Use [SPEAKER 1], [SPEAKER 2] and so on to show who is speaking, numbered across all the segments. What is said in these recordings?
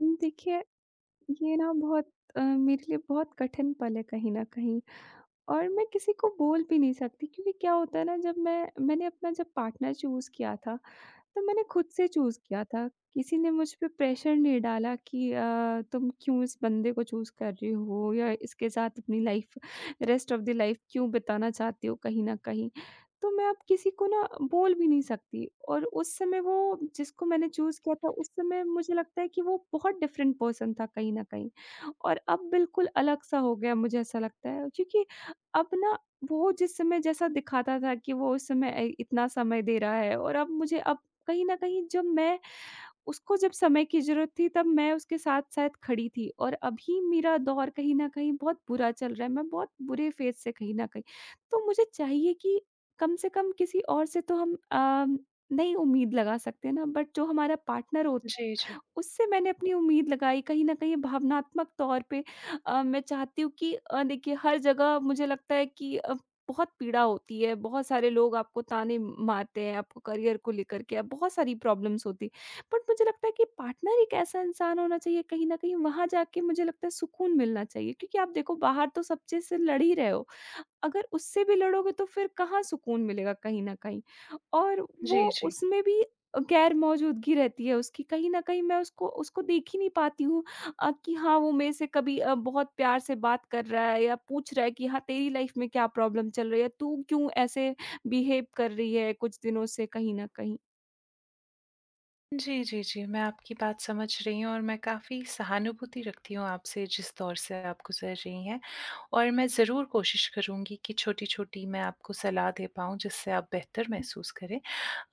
[SPEAKER 1] हुँ, देखिए ये ना बहुत अ, मेरे लिए बहुत कठिन पल है कहीं न कहीं और मैं किसी को बोल भी नहीं सकती क्योंकि क्या होता है ना जब मैं मैंने अपना जब पार्टनर चूज़ किया था तब मैंने ख़ुद से चूज़ किया था। किसी ने मुझ पे प्रेशर नहीं डाला कि अ, तुम क्यों इस बंदे को चूज़ कर रही हो या इसके साथ अपनी life rest of the life क्यों बिताना चाहती हो कहीं न कहीं। तो मैं अब किसी को ना बोल भी नहीं सकती और उस समय वो जिसको मैंने चूज़ किया था उस समय मुझे लगता है कि वो बहुत डिफ़रेंट पर्सन था कहीं न कहीं और अब बिल्कुल अलग-सा हो गया है अब मुझे ऐसा लगता है। क्योंकि अब ना वो जिस समय जैसा दिखाता था कि वो उस समय अ, इतना समय दे रहा है और अब मुझे अब कहीं न कहीं जब मैं उसको जब समय की ज़रूरत थी तब मैं उसके साथ-साथ खड़ी थी और अभी मेरा दौर कहीं न कहीं बहुत बुरा चल रहा है, मैं बहुत बुरे फ़ेज़ से कहीं न कहीं तो मुझे चाहिए कि कम से कम किसी और से तो हम अम, नहीं उम्मीद लगा सकते हैं ना बट जो हमारा पार्टनर होता
[SPEAKER 2] जी, जी।
[SPEAKER 1] है, उससे मैंने अपनी उम्मीद लगाई कहीं न कहीं ये भावनात्मक तौर पे अ, मैं चाहती हूँ कि अ, देखिए हर जगह मुझे लगता है कि अ, बहुत पीड़ा होती है। बहुत सारे लोग आपको ताने म मारते हैं आपको करियर को लेकर के आप बहुत सारी प्रॉब्लम्स होती हैं, बट मुझे लगता है कि पार्टनर एक कैसा इंसान होना चाहिए कहीं न कहीं वहाँ जाके मुझे लगता है सुकून मिलना चाहिए, क्योंकि आप देखो बाहर तो सब चीज़ से लड़ ही रहे हो। अगर उससे भी लड़ोगे तो फ़िर कहाँ सुकून मिलेगा कहीं न कहीं और वो
[SPEAKER 2] जी, जी।
[SPEAKER 1] उसमें भी अ, ग़ैरमौजूदगी रहती है उसकी कहीं न कहीं मैं उसको उसको देख ही नहीं पाती हूँ अ, कि हाँ वो मेरे से कभी अ, बहुत प्यार से बात कर रहा है या पूछ रहा है कि हाँ, तेरी लाइफ़ में क्या प्रॉब्लम चल रही है? तू क्यों ऐसे बिहेव कर रही है कुछ दिनों से कहीं न कहीं।
[SPEAKER 2] जी, जी, जी। मैं आपकी बात समझ रही हूँ और मैं काफ़ी सहानुभूति रखती हूँ आपसे जिस दौर से आप गुज़र रही हैं और मैं ज़रूर कोशिश करूँगी कि छोटी-छोटी मैं आपको सलाह दे पाऊँ जिससे आप बेहतर महसूस करें।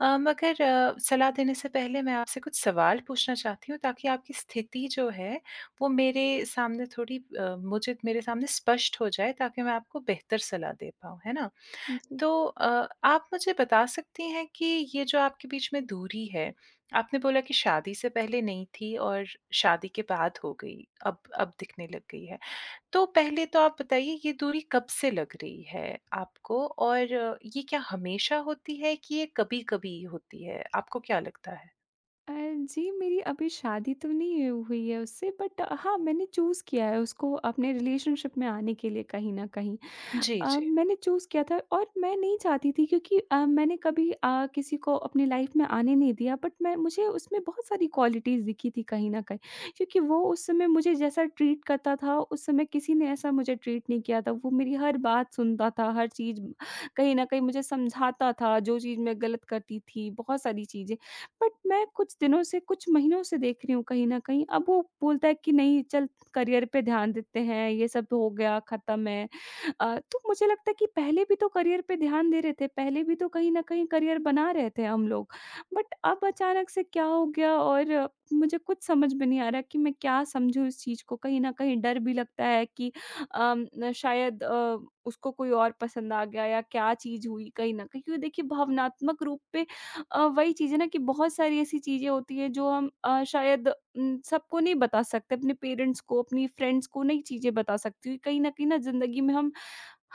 [SPEAKER 2] अ, मगर अ, सलाह देने से पहले मैं आपसे कुछ सवाल पूछना चाहती हूँ ताकि आपकी स्थिति जो है वो मेरे सामने थोड़ी अ, मुझे मेरे सामने स्पष्ट हो जाए ताकि मैं आपको बेहतर सलाह दे पाऊँ, है ना?
[SPEAKER 1] उम, जी।
[SPEAKER 2] तो अ, आप मुझे बता सकती हैं कि ये जो आपके बीच में दूरी है, आपने बोला कि शादी से पहले नहीं थी और शादी के बाद हो गई, अब अब दिखने लग गई है। तो पहले तो आप बताइए ये दूरी कब से लग रही है आपको और ये क्या हमेशा होती है कि ये कभी-कभी होती है? आपको क्या लगता है?
[SPEAKER 1] अ, जी मेरी अभी शादी तो नहीं हुई है उससे बट हाँ मैंने चूज़ किया है उसको अपने रिलेशनशिप में आने के लिए कहीं न कहीं।
[SPEAKER 2] जी,
[SPEAKER 1] अ,
[SPEAKER 2] जी।
[SPEAKER 1] मैंने चूज़ किया था और मैं नहीं चाहती थी क्योंकि अ, मैंने कभी अ, किसी को अपनी लाइफ़ में आने नहीं दिया बट मैं मुझे उसमें बहुत सारी क्वालिटीज़ दिखी थी कहीं न कहीं, क्योंकि वो उस समय मुझे जैसा ट्रीट करता था उस समय किसी ने ऐसा मुझे ट्रीट नहीं किया था। वो मेरी हर बात सुनता था हर चीज़ कहीं न कहीं मुझे समझाता था जो चीज़ मैं ग़लत करती थी बहुत सारी चीज़ें। बट मैं कुछ दिनों से कुछ महीनों से देख रही हूँ कहीं न कहीं अब वो बोलता है कि नहीं चल, करियर पे ध्यान देते हैं ये सब हो गया ख़त्म है। अ, तो मुझे लगता है कि पहले भी तो करियर पे ध्यान दे रहे थे पहले भी तो कहीं न कहीं करियर बना रहते हैं हम लोग बट अब अचानक से क्या हो गया और मुझे कुछ समझ में नहीं आ रहा कि मैं क्या समझूँ इस चीज़ को कहीं न कहीं डर भी लगता है कि अम, शायद अ, उसको कोई और पसंद आ गया या क्या चीज़ हुई कहीं न कहीं क्योंकि देखिए भावनात्मक रूप पे अ, वही चीज़ है ना कि बहुत सारी ऐसी चीज़ें होती हैं जो हम अ, शायद उम, सबको नहीं बता सकते अपने पेरेंट्स को अपनी फ्रेंड्स को नहीं चीज़ें बता सकती कहीं न कहीं ना ज़िंदगी में हम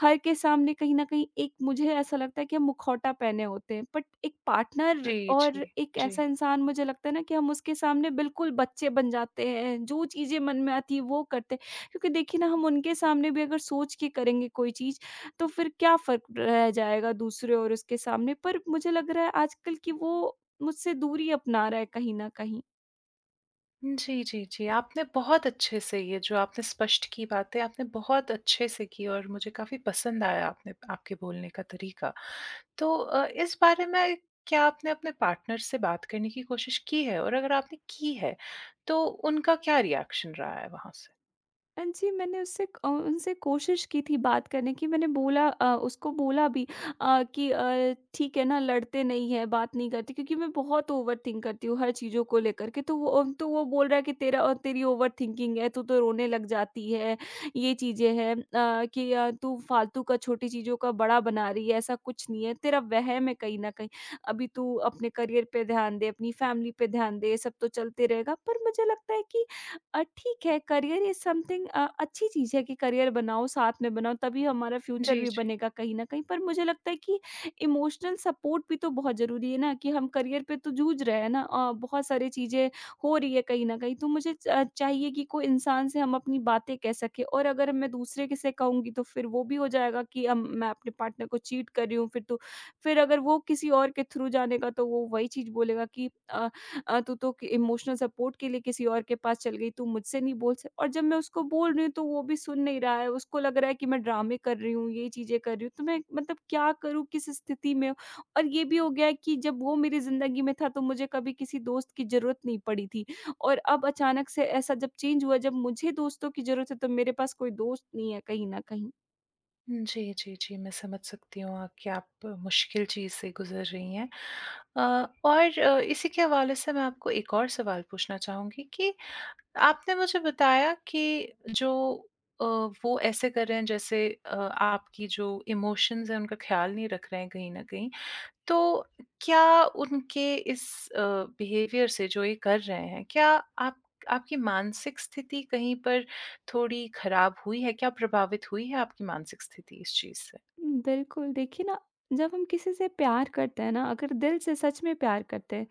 [SPEAKER 1] हर के सामने कहीं न कहीं एक मुझे ऐसा लगता है कि हम मुखौटा पहने होते हैं बट एक पार्टनर
[SPEAKER 2] जी,
[SPEAKER 1] और
[SPEAKER 2] जी।
[SPEAKER 1] एक ऐसा
[SPEAKER 2] जी।
[SPEAKER 1] इंसान मुझे लगता है ना कि हम उसके सामने बिल्कुल बच्चे बन जाते हैं जो चीज़ें मन में आती है वो करते हैं। क्योंकि देखिए ना हम उनके सामने भी अगर सोच के करेंगे कोई चीज़ तो फ़िर क्या फ़र्क रह जाएगा दूसरे और उसके सामने पर मुझे लग रहा है आजकल कि वो मुझसे दूरी अपना रहा है कहीं न कहीं।
[SPEAKER 2] जी, जी, जी। आपने बहुत अच्छे से ये जो आपने स्पष्ट कीं बातें, आपने बहुत अच्छे से की और मुझे काफ़ी पसंद आया आपने आपके बोलने का तरीका। तो अ, इस बारे में क्या आपने अपने पार्टनर से बात करने की कोशिश की है और अगर आपने की है, तो उनका क्या रिएक्शन रहा है वहाँ से?
[SPEAKER 1] हाँ जी। मैंने उससे अ, उनसे कोशिश की थी बात करने की, मैंने बोला अ, उसको बोला भी अ, कि अ, ठीक है ना, लड़ते नहीं हैं, बात नहीं करते, क्योंकि मैं बहुत ओवरथिंक करती हूँ, हर चीज़ों को लेकर के, तो वो अम, तो वो बोल रहा है कि "तेरा अ, तेरी ओवर थिंकिंग है, तू तो रोने लग जाती है, ये चीज़ें हैं अ, कि अ, तू फालतू का छोटी चीज़ों का बड़ा बना रही है, ऐसा कुछ नहीं है, तेरा वहम है, कहीं न कहीं, अभी तू अपने करियर पे ध्यान दे, अपनी फैमिली पे ध्यान दे, ये सब तो चलते रहेगा।" पर मुझे लगता है कि अ, ठीक है, करियर इज समथिंग अ, अच्छी चीज़ है कि करियर बनाओ, साथ में बनाओ, तभी हमारा फ्यूचर
[SPEAKER 2] जी,
[SPEAKER 1] भी
[SPEAKER 2] जी।
[SPEAKER 1] बनेगा कहीं न कहीं। पर मुझे लगता है कि इमोशनल सपोर्ट भी तो बहुत ज़रूरी है ना कि हम करियर पे तो जूझ रहे हैं ना अ, बहुत सारी चीज़ें हो रही हैं कहीं न कहीं। तो मुझे च चाहिए कि कोई इंसान से हम अपनी बातें कह सकें और अगर मैं दूसरे के से कहूँगी तो फिर वो भी हो जाएगा कि अम, मैं अपने पार्टनर को चीट कर रही हूँ, फिर तो। फिर अगर वो किसी और के थ्रू जानेगा तो वो वही चीज़ बोलेगा कि अ अ, "तू तो के इमोशनल सपोर्ट के लिए किसी और के पास चल गई, तू मुझसे नहीं बोल सक" और जब मैं उसको बोल रही हूँ, तो वो अभी सुन नहीं रहा है, उसको लग रहा है कि मैं ड्रामे कर रही हूँ, ये चीज़ें कर रही हूँ, तो मैं मतलब क्या करूँ, किस स्थिति में और ये भी हो गया है कि जब वो मेरी ज़िंदगी में था, तो मुझे कभी किसी दोस्त की ज़रूरत नहीं पड़ी थी और अब अचानक से ऐसा जब चेंज हुआ, जब मुझे दोस्तों की ज़रूरत है, तो मेरे पास कोई दोस्त नहीं है कहीं न कहीं।
[SPEAKER 2] जी, जी, जी। मैं समझ सकती हूँ अ, कि आप मुश्किल चीज़ से गुज़र रही हैं अ, और अ, इसी के हवाले से मैं आपको एक और सवाल पूछना चाहूँगी कि आपने मुझे बताया कि जो अ, वो ऐसे कर रहे हैं जैसे अ, आपकी जो इमोशंस हैं, उनका ख़याल नहीं रख रहे हैं कहीं न कहीं, तो क्या उनके इस अ, बिहेवियर से, जो ये कर रहे हैं, क्या आप आपकी मानसिक स्थिति कहीं पर थोड़ी ख़राब हुई है, क्या प्रभावित हुई है आपकी मानसिक स्थिति इस चीज़ से?
[SPEAKER 1] हुँ, बिल्कुल। देखिए ना, जब हम किसी से प्यार करते हैं ना, अगर दिल से सच में प्यार करते हैं,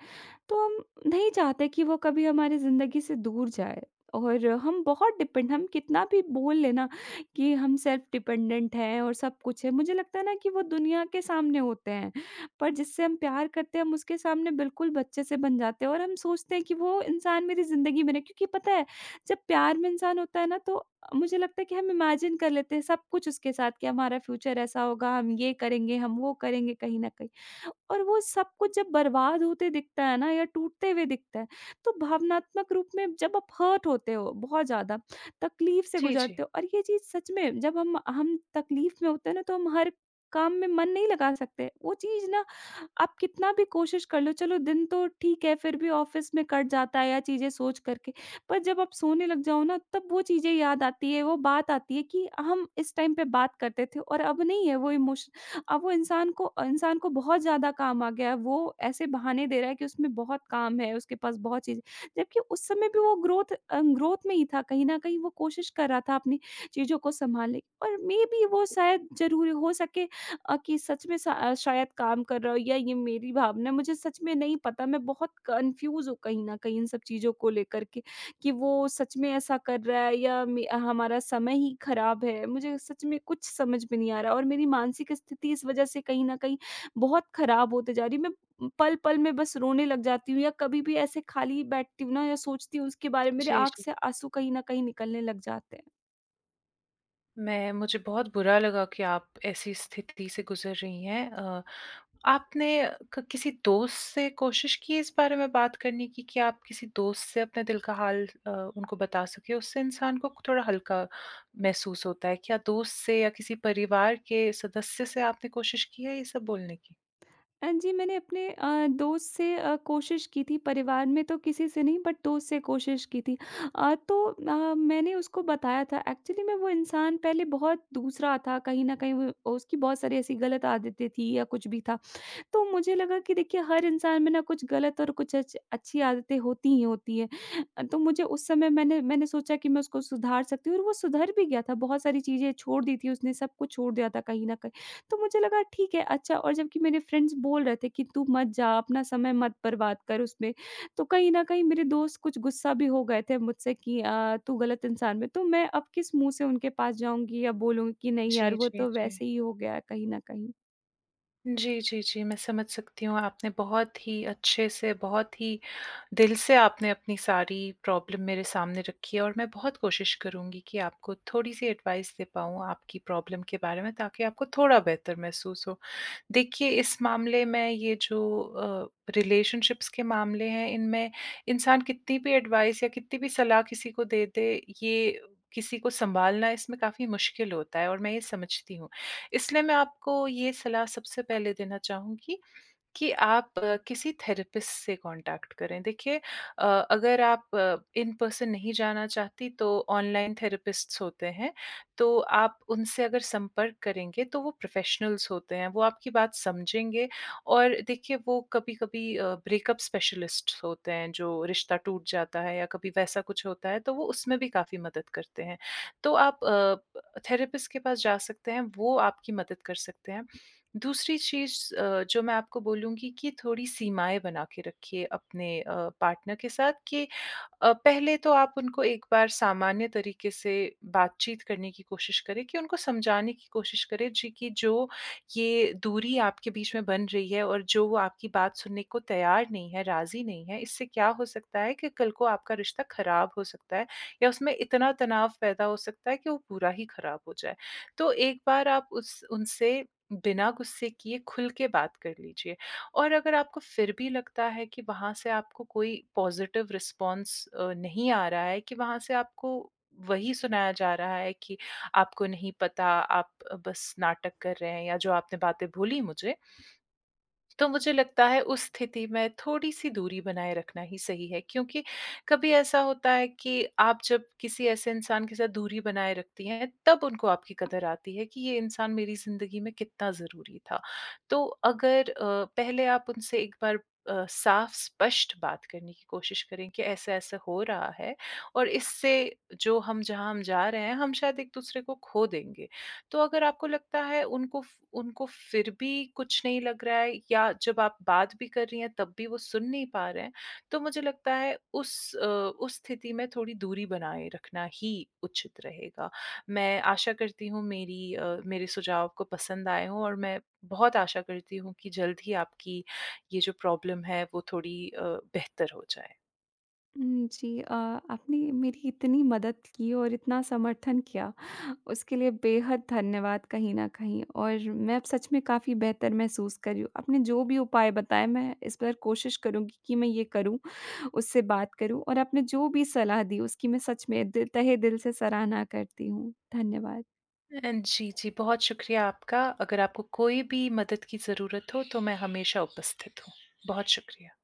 [SPEAKER 1] तो हम नहीं चाहते कि वो कभी हमारी ज़िंदगी से दूर जाए और हम बहुत डिपेंड हम कितना भी बोल लें ना कि हम सेल्फ़ डिपेंडेंट हैं और सब कुछ है, मुझे लगता है ना कि वो दुनिया के सामने होते हैं, पर जिससे हम प्यार करते हैं, हम उसके सामने बिल्कुल बच्चे से बन जाते हैं और हम सोचते हैं कि वो इंसान मेरी ज़िंदगी में ना क्योंकि पता है जब प्यार में इंसान होता है ना, तो मुझे लगता है कि हम इमेजिन कर लेते हैं सब कुछ उसके साथ, कि हमारा फ्यूचर ऐसा होगा, हम ये करेंगे, हम वो करेंगे कहीं न कहीं और वो सब कुछ जब बर्बाद होते दिखता है ना या टूटते हुए दिखता है, तो भावनात्मक रूप में जब आप हर्ट होते हो बहुत ज़्यादा, तकलीफ़ से
[SPEAKER 2] जी, जी।
[SPEAKER 1] गुज़रते हो और ये चीज़ सच में जब हम हम तकलीफ़ में होते हैं ना, तो हम हर काम में मन नहीं लगा सकते। वो चीज़ ना आप कितना भी कोशिश कर लो चलो दिन तो ठीक है फिर भी ऑफ़िस में कट जाता है या चीज़ें सोच कर के, पर जब आप सोने लग जाओ ना, तब वो चीज़ें याद आती हैं, वो बात आती है कि हम इस टाइम पे बात करते थे और अब नहीं है वो इमोशन अब वो इंसान को अ, इंसान को बहुत ज़्यादा काम आ गया है, वो ऐसे बहाने दे रहा है कि उसमें बहुत काम है, उसके पास बहुत चीज़ें जबकि उस समय भी वो ग्रोथ अ, ग्रोथ में ही था, कहीं न कहीं वो कोशिश कर रहा था अपनी चीज़ों को सँभाले और मेबी वो शायद ज़रूरी हो सके अ, कि सच में स शायद काम कर रहा हो या ये मेरी भावना है, मुझे सच में नहीं पता, मैं बहुत कन्फ्यूज हूँ कहीं न कहीं इन सब चीज़ों को लेकर के कि वो सच में ऐसा कर रहा है या मे हमारा समय ही खराब है, मुझे सच में कुछ समझ में नहीं आ रहा और मेरी मानसिक स्थिति इस वज़ह से कहीं न कहीं बहुत खराब होते जा रही है, मैं पल-पल में बस रोने लग जाती हूँ या कभी-भी ऐसे खाली बैठती हूँ ना या सोचती हूँ उसके बारे में, मेरे
[SPEAKER 2] जी,
[SPEAKER 1] आँख
[SPEAKER 2] जी।
[SPEAKER 1] से आँसू कहीं न कहीं निकलने लग जाते हैं।
[SPEAKER 2] मैं मुझे बहुत बुरा लगा कि आप ऐसी स्थिति से गुज़र रही हैं अ, आपने क किसी दोस्त से कोशिश की इस बारे में बात करने की कि आप किसी दोस्त से अपने दिल का हाल अ, उनको बता सकें, उससे इंसान को थोड़ा हल्का महसूस होता है, क्या दोस्त से या किसी परिवार के सदस्य से आपने कोशिश की है ये सब बोलने की?
[SPEAKER 1] अ, जी, मैंने अपने अ, दोस्त से अ, कोशिश की थी, परिवार में तो किसी से नहीं, बट दोस्त से कोशिश की थी अ, तो अ, मैंने उसको बताया था, एक्चुअली में वो इंसान पहले बहुत दूसरा था, कहीं न कहीं व वो उसकी बहुत सारी ऐसी गलत आदतें थी या कुछ भी था, तो मुझे लगा कि देखिए हर इंसान में ना कुछ गलत और कुछ अच्छ अच्छी आदतें होती ही होती हैं अ, तो मुझे उस समय मैंने मैंने सोचा कि मैं उसको सुधार सकती हूँ और वो सुधर भी गया था, बहुत सारी चीज़ें छोड़ दी थीं उसने, सब कुछ छोड़ दिया था कहीं न कहीं, तो मुझे लगा ठीक है, अच्छा और जबकि मेरे फ्रेंड्स बोल रहे थे कि "तू मत जा, अपना समय मत बर्बाद कर उसमें," तो कहीं न कहीं मेरे दोस्त कुछ गुस्सा भी हो गए थे अब मुझसे कि अ, "तू गलत इंसान में" तो मैं अब किस मुँह से उनके पास जाऊँगी या बोलूँगी कि "नहीं,
[SPEAKER 2] जी,
[SPEAKER 1] यार वो
[SPEAKER 2] जी,
[SPEAKER 1] तो
[SPEAKER 2] जी।
[SPEAKER 1] वैसे ही हो गया है कहीं न कहीं।"
[SPEAKER 2] जी, जी, जी, मैं समझ सकती हूँ आपने बहुत ही अच्छे से बहुत ही दिल से आपने अपनी सारी प्रॉब्लम मेरे सामने रखी है और मैं बहुत कोशिश करूँगी कि आपको थोड़ी-सी एडवाइस दे पाऊँ आपकी प्रॉब्लम के बारे में ताकि आपको थोड़ा बेहतर महसूस हो। देखिए इस मामले में ये जो अ, रिलेशनशिप्स के मामले हैं इनमें इंसान कितनी भी एडवाइस या कितनी भी सलाह किसी को दे दें, ये किसी को संभालना इसमें काफ़ी मुश्किल होता है और मैं ये समझती हूँ। इसलिए मैं आपको ये सलाह सबसे पहले देना चाहूँगी कि आप किसी थेरेपिस्ट से कॉन्टैक्ट करें। देखिए अ, अगर आप इन-पर्सन नहीं जानना चाहती तो ऑनलाइन थेरेपिस्ट्स होते हैं। तो आप उनसे अगर संपर्क करेंगे तो वो प्रोफेशनल्स होते हैं, वो आपकी बात समझेंगे और देखिए वो कभी-कभी अ, ब्रेकअप स्पेशलिस्ट्स होते हैं जो रिश्ता टूट जाता है या कभी वैसा कुछ होता है तो वो उसमें भी काफ़ी मदद करते हैं। तो आप अ, थेरेपिस्ट के पास जा सकते हैं वो आपकी मदद कर सकते हैं। दूसरी चीज़ अ, जो मैं आपको बोलूँगी कि थोड़ी सीमाएँ बना के रखिए अपने अ, पार्टनर के साथ कि अ, पहले तो आप उनको एक बार सामान्य तरीक़े से बातचीत करने की कोशिश करें कि उनको समझाने की कोशिश करें। जी, कि जो ये दूरी आपके बीच में बन रही है और जो वो आपकी बात सुनने को तैयार नहीं है, राज़ी नहीं है। इससे क्या हो सकता है कि कल को आपका रिश्ता ख़राब हो सकता है या उसमें इतना तनाव पैदा हो सकता है कि वो पूरा ही ख़राब हो जाए। तो एक बार आप उस उनसे बिना गुस्से किए खुल के बात कर लीजिए और अगर आपको फ़िर भी लगता है कि वहाँ से आपको कोई पॉज़िटिव रिस्पॉन्स अ, नहीं आ रहा है कि वहाँ से आपको वही सुनाया जा रहा है कि आपको नहीं पता आप बस नाटक कर रहे हैं या जो आपने बातें बोली मुझे। तो मुझे लगता है उस स्थिति में थोड़ी-सी दूरी बनाए रखना ही सही है क्योंकि कभी ऐसा होता है कि आप जब किसी ऐसे इंसान के साथ दूरी बनाए रखती हैं तब उनको आपकी कदर आती है कि ये इंसान मेरी ज़िंदगी में कितना ज़रूरी था। तो अगर अ, पहले आप उनसे एक बार अ, साफ़-स्पष्ट बात करने की कोशिश करें कि ऐसा-ऐसा हो रहा है और इससे जो हम, जहाँ हम जा रहे हैं हम शायद एक-दूसरे को ख़ो देंगे। तो अगर आपको लगता है उनको फ उनको फ़िर भी कुछ नहीं लग रहा है या जब आप बात भी कर रही हैं तब भी वो सुन नहीं पा रहे हैं। तो मुझे लगता है उस अ, उस स्थिति में थोड़ी दूरी बनाए रखना ही उचित रहेगा। मैं आशा करती हूँ मेरी अ, मेरे सुझाव आपको पसंद आए हों और मैं बहुत आशा करती हूँ कि जल्द ही आपकी ये जो प्रॉब्लम है वो थोड़ी अ, बेहतर हो जाए।
[SPEAKER 1] हुँ, जी। अ, आपने मेरी इतनी मदद की और इतना समर्थन किया उसके लिए बेहद धन्यवाद कहीं न कहीं और मैं अब सच में काफ़ी बेहतर महसूस कर रही हूँ। आपने जो भी उपाय बताएँ मैं इस पर कोशिश करूँगी कि मैं ये करूँ उससे बात करूँ और आपने जो भी सलाह दी उसकी मैं सच में दिल तहे दिल से सराहना करती हूँ। धन्यवाद।
[SPEAKER 2] अ, जी, जी, बहुत शुक्रिया आपका। अगर आपको कोई भी मदद की ज़रूरत हो तो मैं हमेशा उपस्थित हूँ। बहुत शुक्रिया।